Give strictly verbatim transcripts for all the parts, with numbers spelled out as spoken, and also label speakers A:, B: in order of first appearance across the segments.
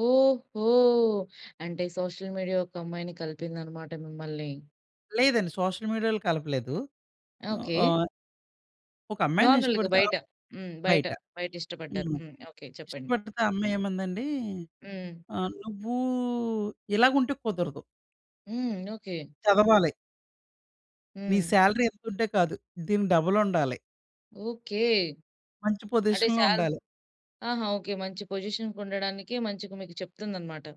A: ఓహో! అంటే social media ఒక అమ్మాయిని కలిపిందన్నమాట మిమ్మల్ని?
B: లేదండి సోషల్ మీడియాలో కలపలేదు.
A: ఓకే.
B: ఆహ్ ఒక అమ్మాయిని
A: నార్మల్‌గా
B: ఇష్టపడితే
A: బయట.
B: ఆప్
A: హ్మ్. బయట.
B: బయట.
A: బయట ఇష్టపడ్డారు.
B: హ్మ్.
A: హ్మ్. ఓకే. చెప్పండి.
B: ఇష్టపడితే అమ్మాయేమందండి
A: హ్మ్.
B: ఆహ్, నువ్వు ఇలాగుంటే కుదరదు.
A: హ్మ్. ఓకే.
B: చదవాలి. నీ
A: హ్మ్.
B: సాలరీ ఇంతుంటే కాదు, దీనికి డబలుండాలి.
A: ఓకే.
B: మంచి
A: అంటే
B: పొజిషన్‌లో
A: సాల
B: ఉండాలి.
A: ఆహా! ఓకే. మంచి పొజిషన్‌కి ఉండడానికి మంచిగా మీకు చెప్తుందన్నమాట.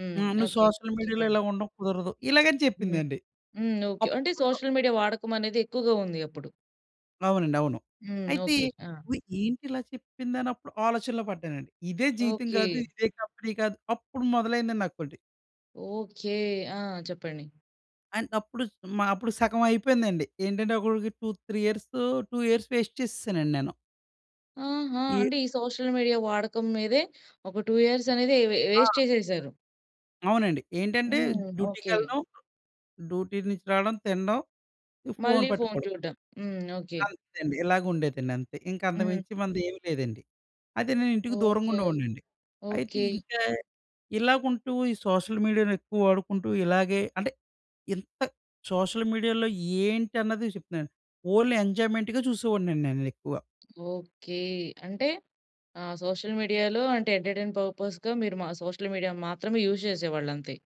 A: హ్మ్.
B: హ్మ్. నువ్వు
A: ఓకే.
B: సోషల్ మీడియాలో
A: చెప్పండి.
B: ఇలాగ ఉండడం కుదరదు. ఇలాగని
A: హ్మ్.
B: చెప్పిందండి.
A: హ్మ్. ఓకే. అంటే
B: అప్పుడు
A: సోషల్ మీడియా వాడకమనేది ఎక్కువగా ఉంది అప్పుడు.
B: అవునండి. అవును.
A: హ్మ్.
B: అయితే
A: ఓకే. ఆ!
B: వి ఏంటి ఇలా చెప్పిందనప్పుడు ఆలోచనలో పడ్డానండి. ఇదే జీవితం కాదు.
A: ఓకే.
B: ఇదే కంపెనీ కాదు. అప్పుడు మొదలైందండి నాకొటి.
A: ఓకే. ఆ! చెప్పండి.
B: అండ్ అప్పుడు మ అప్పుడు సగమైపోయిందండి. ఏంటంటే అప్పటికి two three years two years waste చేసేసానండి నేను.
A: ఆహా!
B: ఈ
A: అంటే ఈ సోషల్ మీడియా వాడకం మీదే ఒక టూ ఇయర్స్ అనేది వె
B: ఆ!
A: వేస్ట్ చేసేసారు.
B: అవునండి. ఏంటంటే
A: హ్మ్. ఓకే.
B: డ్యూటీకెళ్ళడం, డ్యూటీ నుంచి రావడం, తినడం, ఇక ఫోన్
A: మళ్ళి ఫోన్
B: పట్టుకోవడం.
A: చూడడం. హ్మ్. ఓకే.
B: అంతే అండి. ఇలాగ ఉండేదండి. అంతే ఇంక
A: హ్మ్.
B: అంతకుమించి మనదేం లేదండి. అదే నేను ఇంటికి దూరంగా
A: ఓకే.
B: ఉండేవాడినండి. అయితే
A: ఓకే.
B: ఇంకా ఇలాగుంటూ ఈ సోషల్ మీడియాని ఎక్కువ వాడుకుంటూ ఇలాగే అంటే ఇంత సోషల్ మీడియాలో ఏంటన్నది చెప్తున్నాను. ఓన్లీ ఎంజాయ్మెంట్‌గా చూసేవాడినండి నేనెక్కువ.
A: ఓకే. అంటే ఆ సోషల్ మీడియాలో అంటే ఎంటర్టైన్మెంట్ పర్పస్‌గా మీరు మ సోషల్ మీడియా మాత్రమే యూజ్ చేసేవాళ్ళంతే.